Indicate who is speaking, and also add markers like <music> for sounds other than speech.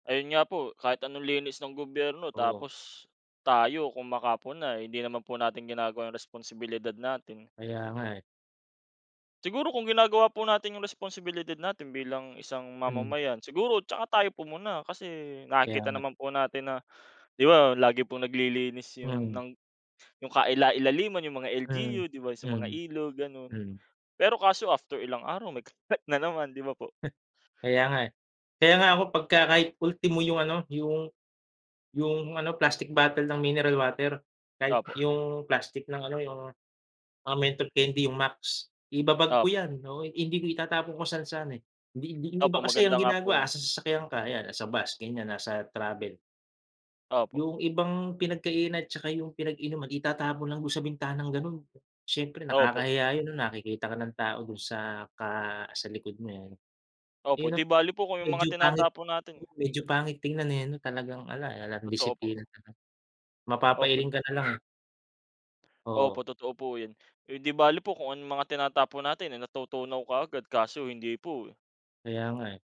Speaker 1: Ayun nga po kahit anong linis ng gobyerno,
Speaker 2: Oo.
Speaker 1: tapos tayo kung makapuna eh hindi naman po natin ginagawa yung responsibilidad natin.
Speaker 2: Kaya nga eh.
Speaker 1: Siguro kung ginagawa po natin yung responsibilidad natin bilang isang
Speaker 2: Hmm.
Speaker 1: mamamayan, siguro tsaka tayo pumuna kasi
Speaker 2: Kaya
Speaker 1: nakikita
Speaker 2: nga.
Speaker 1: naman po natin na, di ba, lagi pong naglilinis yung
Speaker 2: Mm.
Speaker 1: ng yung kailailaliman yung mga
Speaker 2: Mm.
Speaker 1: LGU, di ba sa mga
Speaker 2: Mm.
Speaker 1: ilog, gano'n.
Speaker 2: Mm.
Speaker 1: Pero kaso after ilang araw may kalat na naman, di ba po?
Speaker 2: <chuckles> Kaya nga eh kaya nga ako pagka kahit ultimo yung ano yung, yung ano plastic bottle ng mineral water, kahit
Speaker 1: Opo.
Speaker 2: yung plastic ng ano yung mga menthol candy yung Max, i-ba-bag
Speaker 1: Opo.
Speaker 2: ko yan, oo hindi di itatapon kung saan-saan eh hindi, hindi yung
Speaker 1: Opo,
Speaker 2: iba kasi
Speaker 1: maganda
Speaker 2: ang
Speaker 1: nga po 'yon.
Speaker 2: ginagawa asa sasakyan ka 'yan, at sa bus ganyan nasa travel.
Speaker 1: Opo.
Speaker 2: Yung ibang pinagkainan at saka yung pinag-inuman itatapon lang do'n sa bintanang gano'n, siyempre
Speaker 1: Opo.
Speaker 2: nakakahiya 'yon nakikita ka ng tao do'n sa ka sa likod mo eh
Speaker 1: Opo, 'di
Speaker 2: ano. 'Yon ang
Speaker 1: bale po kung yung
Speaker 2: medyo
Speaker 1: mga
Speaker 2: pangit,
Speaker 1: tinatapon natin
Speaker 2: oo medyo pangit tingnan eh ano talagang 'ala, 'alang
Speaker 1: Totoo po.
Speaker 2: disiplina ang ano, mapapailing
Speaker 1: Opo.
Speaker 2: ka na lang eh. <blows air> Oo.
Speaker 1: Opo, totoo po 'yon. Eh, 'di bale po kung anong mga tinatapon natin ay natutunaw kaagad kaso hindi po, eh.
Speaker 2: Kaya nga eh.